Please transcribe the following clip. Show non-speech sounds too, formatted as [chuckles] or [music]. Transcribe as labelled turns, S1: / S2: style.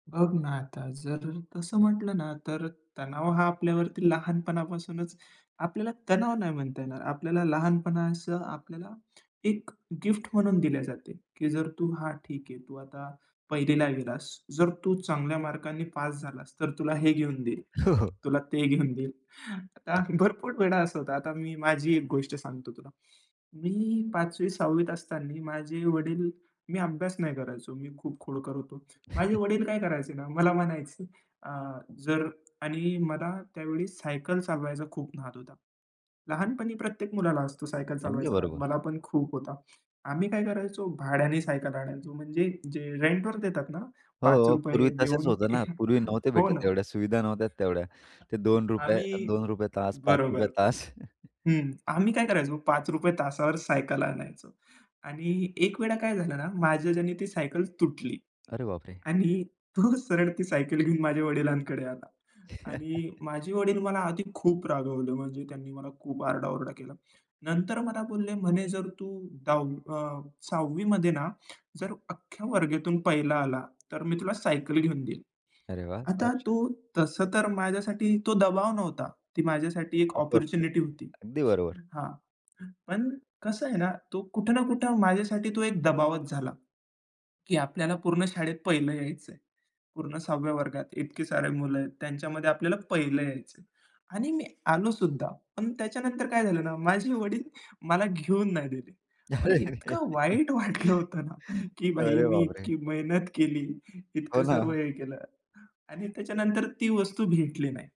S1: बघ ना आता जर तसं म्हटलं ना तर तणाव हा आपल्यावरती लहानपणापासूनच आपल्याला तणाव नाही म्हणता येणार. आपल्याला लहानपणाचं आपल्याला 1 गिफ्ट म्हणून दिल्या जाते. की जर तू हां ठीक आहे तू आता 1ला ला गेलास. जर तू चांगल्या मार्कांनी पास झालास तर तुला हे घेऊन देईल.
S2: हो, हो.
S1: तुला ते घेऊन देईल. आता भरपूर वेळा असा होतं. आता मी माझी 1 गोष्ट सांगतो तुला. मी 5वी 6वीत असताना माझे वडील मी अभ्यास नाही करायचो. मी खूप खोडकर होतो. माझे
S2: [chuckles]
S1: वडील काय करायचे ना, मला म्हणायचे अ, जर आणि मला त्यावेळी सायकल चालवायचा खूप नाद होता. लहानपणी प्रत्येक मुलाला असतो सायकल
S2: अगदी
S1: चालवायचा नाद.
S2: बरोबर.
S1: मला पण खूप होता. आम्ही काय करायचो भाड्याने सायकल आणायचो म्हणजे जे रेंटवर देतात ना
S2: हो,
S1: पाच
S2: हो.
S1: रुपये
S2: पूर्वी तसेच
S1: देऊन.
S2: होतं ना.
S1: [chuckles]
S2: पूर्वी नव्हते
S1: हो ना.
S2: भेटत एवढ्या सुविधा नव्हत्या तेवढ्या. ते ₹2
S1: आम्ही
S2: ₹2 तास, ₹5
S1: बरोबर.
S2: तास. [chuckles]
S1: हं आम्ही काय करायचो ₹5 तासावर सायकल आणायचो. आणि 1 वेळा काय झालं ना, माझ्याच्यानी ती सायकल तुटली.
S2: अरे बाप रे!
S1: आणि तो सरळ ती सायकल घेऊन माझ्या वडिलांकडे आला. आणि माझे
S2: [chuckles]
S1: वडील मला आधी खूप रागवले. म्हणजे त्यांनी मला खूप आरडाओरडा केला. नंतर मला बोलले म्हणे जर तू ,10वी अ, 6वी मध्ये ना जर अख्ख्या वर्गातून 1ला आला तर मी तुला सायकल घेऊन देईल.
S2: अरे वाह! फार
S1: आता
S2: छान.
S1: तो तसं तर माझ्यासाठी तो दबाव नव्हता. ती माझ्यासाठी 1 अपॉर्च्युनिटी
S2: अपॉर्च्युनिटी
S1: होती.
S2: अगदी बरोबर.
S1: हां. पण कसं आहे ना? तो कुठे ना कुठं माझ्यासाठी तो 1 दबावच झाला. की आपल्याला पूर्ण शाळेत 1लं यायचं आहे. पूर्ण 6व्या वर्गात. इतके सारे मुलं आहेत. त्यांच्यामध्ये आपल्याला 1लं यायचं आहे. आणि मी आलो सुद्धा. पण त्याच्यानंतर काय झालं ना माझे वडील मला घेऊन नाही दिले. मला इतकं वाईट वाटलं होतं ना
S2: [giggles]
S1: की भाई
S2: अरे
S1: मी
S2: बाप रे!
S1: इतकी मेहनत केली.
S2: हो
S1: इतकं सर्व
S2: ना.
S1: हे केलं आणि त्याच्यानंतर ती वस्तू भेटली नाही.